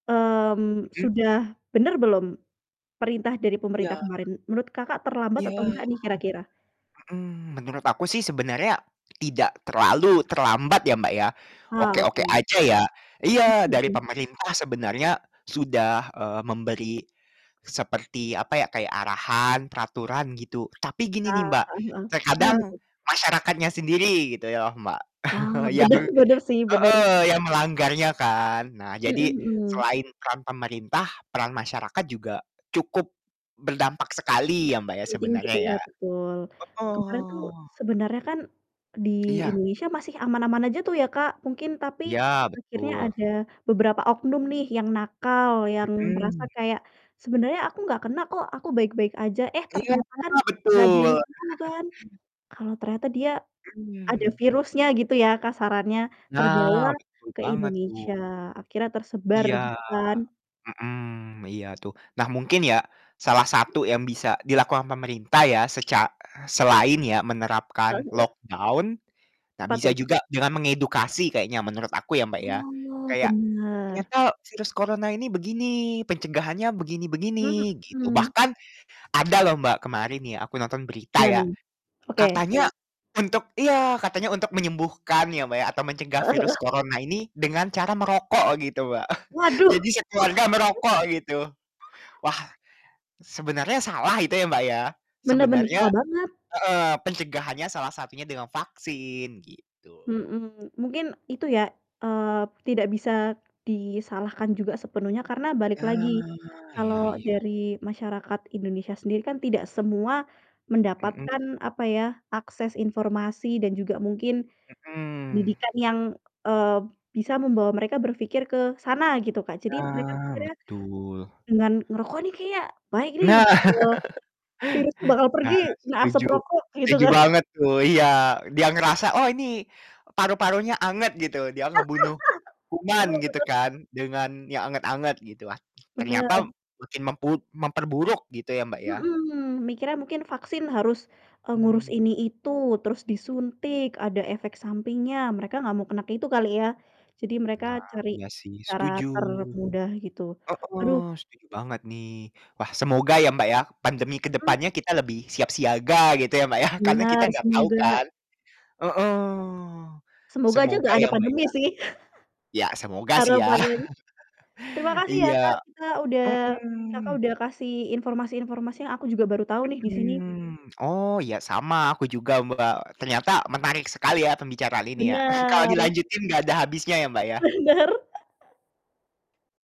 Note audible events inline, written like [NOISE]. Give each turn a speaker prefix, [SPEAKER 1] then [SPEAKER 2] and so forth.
[SPEAKER 1] Mmm,
[SPEAKER 2] Mhm.
[SPEAKER 1] sudah benar belum perintah dari pemerintah
[SPEAKER 2] Iya.
[SPEAKER 1] kemarin? Menurut Kakak terlambat atau
[SPEAKER 2] Iya.
[SPEAKER 1] enggak nih kira-kira?
[SPEAKER 2] Mhm. Menurut aku sih sebenarnya tidak terlalu terlambat ya, Mbak, ya,
[SPEAKER 1] Ah,
[SPEAKER 2] oke-oke
[SPEAKER 1] oke.
[SPEAKER 2] aja ya
[SPEAKER 1] Mmm,
[SPEAKER 2] iya dari
[SPEAKER 1] mhm.
[SPEAKER 2] pemerintah sebenarnya sudah, eee, memberi seperti, apa ya, kayak arahan, peraturan gitu, tapi gini nih,
[SPEAKER 1] Ah,
[SPEAKER 2] Mbak,
[SPEAKER 1] heeh heeh, iya
[SPEAKER 2] terkadang
[SPEAKER 1] betul.
[SPEAKER 2] masyarakatnya sendiri gitu ya, Mbak,
[SPEAKER 1] Ah,
[SPEAKER 2] [CHUCKLES] yang
[SPEAKER 1] bener bener sih bener.
[SPEAKER 2] heeh, yang melanggarnya kan. Nah
[SPEAKER 1] Mhm
[SPEAKER 2] jadi
[SPEAKER 1] mhm.
[SPEAKER 2] selain peran pemerintah peran masyarakat juga cukup berdampak sekali ya, Mbak, ya
[SPEAKER 1] Penting gitu
[SPEAKER 2] sebenarnya
[SPEAKER 1] ya,
[SPEAKER 2] ya.
[SPEAKER 1] betul. Kemarin tuh
[SPEAKER 2] Heeh.
[SPEAKER 1] sebenarnya kan di
[SPEAKER 2] Iya.
[SPEAKER 1] Indonesia masih aman-aman aja tuh ya, Kak, mungkin, tapi
[SPEAKER 2] Iya
[SPEAKER 1] akhirnya
[SPEAKER 2] betul.
[SPEAKER 1] ada beberapa oknum nih yang nakal, yang merasa
[SPEAKER 2] Mhm.
[SPEAKER 1] kayak, "Sebenarnya aku enggak kena kok. Aku baik-baik aja." Eh,
[SPEAKER 2] Iya,
[SPEAKER 1] ternyata kan
[SPEAKER 2] heeh,
[SPEAKER 1] enggak ada
[SPEAKER 2] betul.
[SPEAKER 1] yang tau
[SPEAKER 2] [CHUCKLES]
[SPEAKER 1] kan. Kalau ternyata dia ada
[SPEAKER 2] Hmm.
[SPEAKER 1] virusnya gitu ya kasarannya
[SPEAKER 2] Nah
[SPEAKER 1] terbawa
[SPEAKER 2] betul
[SPEAKER 1] ke
[SPEAKER 2] banget tuh.
[SPEAKER 1] Indonesia, akhirnya tersebar
[SPEAKER 2] Iya.
[SPEAKER 1] gitu kan.
[SPEAKER 2] Mhm. Iya tuh. Nah mungkin ya salah satu yang bisa dilakukan pemerintah ya seca eh, selain ya
[SPEAKER 1] Heeh
[SPEAKER 2] menerapkan
[SPEAKER 1] heeh.
[SPEAKER 2] lock down, nah
[SPEAKER 1] Apa
[SPEAKER 2] bisa
[SPEAKER 1] tuh?
[SPEAKER 2] juga dengan mengedukasi kayaknya menurut aku ya, Mbak, ya.
[SPEAKER 1] Oh,
[SPEAKER 2] Kayak,
[SPEAKER 1] benar.
[SPEAKER 2] "Ternyata virus corona ini begini, pencegahannya begini -begini." Gitu
[SPEAKER 1] Mhm.
[SPEAKER 2] bahkan ada loh, Mbak, kemarin ya aku nonton berita
[SPEAKER 1] Gimana
[SPEAKER 2] ya,
[SPEAKER 1] nih? Oke,
[SPEAKER 2] katanya
[SPEAKER 1] heeh.
[SPEAKER 2] untuk iya, katanya untuk menyembuhkan ya, Mbak, ya atau mencegah
[SPEAKER 1] Heeh
[SPEAKER 2] virus
[SPEAKER 1] heeh.
[SPEAKER 2] corona ini dengan cara merokok gitu, Mbak. [CHUCKLES]
[SPEAKER 1] Waduh,
[SPEAKER 2] Jadi
[SPEAKER 1] wah.
[SPEAKER 2] sekeluarga merokok gitu. Wah,
[SPEAKER 1] [CHUCKLES]
[SPEAKER 2] sebenarnya salah itu ya, Mbak, ya,
[SPEAKER 1] Bener bener.
[SPEAKER 2] sebenarnya
[SPEAKER 1] Salah banget.
[SPEAKER 2] heeh, pencegahannya salah satunya dengan vaksin gitu.
[SPEAKER 1] Mhm. Mungkin itu ya, eee, tidak bisa disalahkan juga sepenuhnya karena balik,
[SPEAKER 2] Iya
[SPEAKER 1] lagi kalau
[SPEAKER 2] iya iya.
[SPEAKER 1] dari masyarakat Indonesia sendiri kan tidak semua
[SPEAKER 2] Mhm.
[SPEAKER 1] mendapatkan, apa ya, akses informasi dan juga mungkin
[SPEAKER 2] Mhm.
[SPEAKER 1] pendidikan yang, eee, bisa membawa mereka berfikir ke sana gitu, Kak. Jadi mereka
[SPEAKER 2] Nah
[SPEAKER 1] pikirnya,
[SPEAKER 2] betul.
[SPEAKER 1] "Dengan ngerokok nih kayaknya baik nih,
[SPEAKER 2] Nah.
[SPEAKER 1] eee,
[SPEAKER 2] [CHUCKLES]
[SPEAKER 1] virus tuh bakal pergi,
[SPEAKER 2] Nah
[SPEAKER 1] kena asap
[SPEAKER 2] setuju.
[SPEAKER 1] rokok." Gitu
[SPEAKER 2] Setuju
[SPEAKER 1] kan.
[SPEAKER 2] banget tuh. Iya, e dia ngerasa, "Oh ini paru-parunya anget," gitu, "dia ngebunuh
[SPEAKER 1] [LAUGHS]
[SPEAKER 2] kuman,"
[SPEAKER 1] Aduh
[SPEAKER 2] gitu
[SPEAKER 1] benar.
[SPEAKER 2] kan dengan yang anget-anget gitu, wah, ternyata
[SPEAKER 1] Benar.
[SPEAKER 2] makin memput memperburuk gitu ya, Mbak, ya.
[SPEAKER 1] Mhm. Mikirnya mungkin vaksin harus, eee, ngurus
[SPEAKER 2] Mmm.
[SPEAKER 1] ini itu, terus disuntik, ada efek sampingnya, mereka enggak mau kena ke itu kali ya, jadi mereka
[SPEAKER 2] Nah
[SPEAKER 1] cari
[SPEAKER 2] iya sih,
[SPEAKER 1] cara
[SPEAKER 2] setuju.
[SPEAKER 1] termudah gitu.
[SPEAKER 2] Heeh,
[SPEAKER 1] Aduh.
[SPEAKER 2] setuju banget nih. Wah, semoga ya, Mbak, ya pandemi ke
[SPEAKER 1] Mhm.
[SPEAKER 2] depannya kita lebih siap siaga gitu ya, Mbak, yah karena kita
[SPEAKER 1] Benar
[SPEAKER 2] ga tau
[SPEAKER 1] semoga
[SPEAKER 2] kan. Heeh.
[SPEAKER 1] Semoga aja
[SPEAKER 2] Semoga
[SPEAKER 1] enggak ada
[SPEAKER 2] ya, Mbak,
[SPEAKER 1] pandemi
[SPEAKER 2] ya.
[SPEAKER 1] sih
[SPEAKER 2] Iya
[SPEAKER 1] [CHUCKLES]
[SPEAKER 2] semoga sih ya.
[SPEAKER 1] harapannya. Terima
[SPEAKER 2] [CHUCKLES]
[SPEAKER 1] kasih ya,
[SPEAKER 2] Iya.
[SPEAKER 1] Kak, kita udah Kakak
[SPEAKER 2] Mhm.
[SPEAKER 1] udah kasih informasi-informasi yang aku juga baru tahu nih di sini.
[SPEAKER 2] Mhm, oh, iya sama aku juga, Mbak, ternyata menarik sekali ya pembicaraan ini ya. [CHUCKLES] Kalau
[SPEAKER 1] Benar.
[SPEAKER 2] dilanjutin enggak ada habisnya ya, Mbak, ya.
[SPEAKER 1] Benar. [CHUCKLES]